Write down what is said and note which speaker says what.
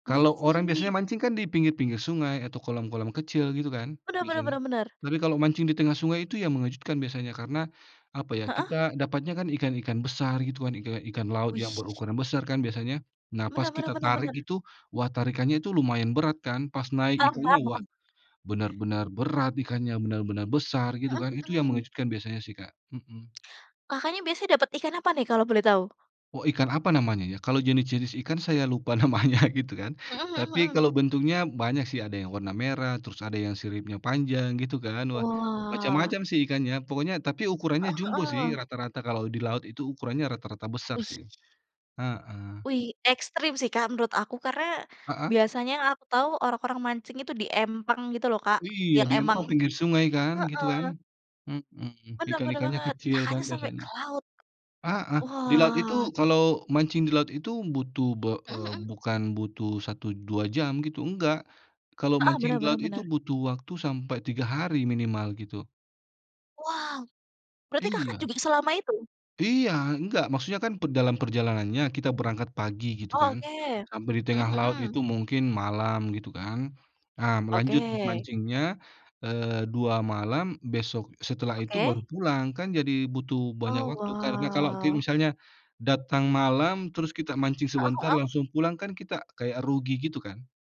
Speaker 1: Kalau orang, biasanya,
Speaker 2: Wih!
Speaker 1: mancing, kan, di pinggir-pinggir sungai, atau kolam-kolam kecil, gitu, kan,
Speaker 2: Benar benar
Speaker 1: biasanya?
Speaker 2: benar benar.
Speaker 1: Tapi, kalau mancing di tengah sungai itu yang mengejutkan, biasanya. Karena, apa ya,
Speaker 2: Heeh?
Speaker 1: kita dapatnya, kan, ikan-ikan besar, gitu, kan. Ika ikan laut yang
Speaker 2: Wih.
Speaker 1: berukuran besar, kan, biasanya. Nah, pas
Speaker 2: Benar benar
Speaker 1: kita
Speaker 2: benar
Speaker 1: tarik
Speaker 2: benar.
Speaker 1: itu, wah, tarikannya itu lumayan berat, kan. Pas naik
Speaker 2: Paham
Speaker 1: ikannya,
Speaker 2: paham
Speaker 1: wah.
Speaker 2: paham.
Speaker 1: Benar-benar berat, ikannya, benar-benar besar, gitu,
Speaker 2: Mhm
Speaker 1: kan. Itu yang
Speaker 2: mhm.
Speaker 1: mengejutkan, biasanya, sih, Kak. Mhm.
Speaker 2: Kakak, nih, biasanya dapat ikan apa, nih, kalau boleh tahu?
Speaker 1: Oh, ikan apa, namanya, ya? Kalau jenis-jenis ikan, saya lupa namanya, gitu, kan.
Speaker 2: Mhm mhm
Speaker 1: Tapi,
Speaker 2: mhm.
Speaker 1: kalau bentuknya, banyak, sih. Ada yang warna merah, terus ada yang siripnya panjang, gitu, kan. Wah,
Speaker 2: Wah.
Speaker 1: macam-macam, sih, ikannya. Pokoknya tapi ukurannya
Speaker 2: Heeh
Speaker 1: jumbo,
Speaker 2: heeh.
Speaker 1: sih, rata-rata, kalau di laut itu ukurannya rata-rata besar, sih.
Speaker 2: Wih.
Speaker 1: Heeh.
Speaker 2: Wih, ekstrim sih, Kak, menurut aku. Karena,
Speaker 1: Heeh?
Speaker 2: biasanya, yang aku tahu, orang-orang mancing itu di empang, gitu, lho, Kak.
Speaker 1: Iya,
Speaker 2: Yang
Speaker 1: di
Speaker 2: emang
Speaker 1: empang pinggir sungai, kan, gitu,
Speaker 2: heeh.
Speaker 1: kan? Mmm,
Speaker 2: Benar benar
Speaker 1: ikan-ikannya
Speaker 2: banget!
Speaker 1: kecil, kan,
Speaker 2: Kakaknya sampai
Speaker 1: biasanya.
Speaker 2: ke laut?
Speaker 1: Heeh. Di laut itu
Speaker 2: Wah.
Speaker 1: kalau mancing di laut itu, butuh be
Speaker 2: Mhm
Speaker 1: eee,
Speaker 2: mhm.
Speaker 1: bukan butuh 1 2 jam, gitu, enggak. Kalau
Speaker 2: Heeh,
Speaker 1: mancing
Speaker 2: benar
Speaker 1: di
Speaker 2: benar
Speaker 1: laut itu,
Speaker 2: benar.
Speaker 1: butuh waktu sampai 3 hari, minimal, gitu.
Speaker 2: Wow! Berarti Kakak
Speaker 1: Iya.
Speaker 2: juga selama itu?
Speaker 1: Iya. Enggak, maksudnya kan pe dalam perjalanannya, kita berangkat pagi, gitu,
Speaker 2: Oh,
Speaker 1: kan.
Speaker 2: oke.
Speaker 1: Sampai di tengah
Speaker 2: Mhm
Speaker 1: laut
Speaker 2: mhm.
Speaker 1: itu, mungkin malam, gitu, kan. Ah m lanjut m
Speaker 2: Oke.
Speaker 1: mancingnya, eee, 2 malam, besok setelah itu
Speaker 2: Oke.
Speaker 1: baru pulang. Kan, jadi, butuh banyak
Speaker 2: Oh,
Speaker 1: waktu. Karena kalau ki
Speaker 2: wah.
Speaker 1: misalnya, datang malam, terus kita mancing
Speaker 2: Heeh
Speaker 1: sebentar,
Speaker 2: heeh?
Speaker 1: langsung pulang, kan, kita kayak rugi, gitu, kan.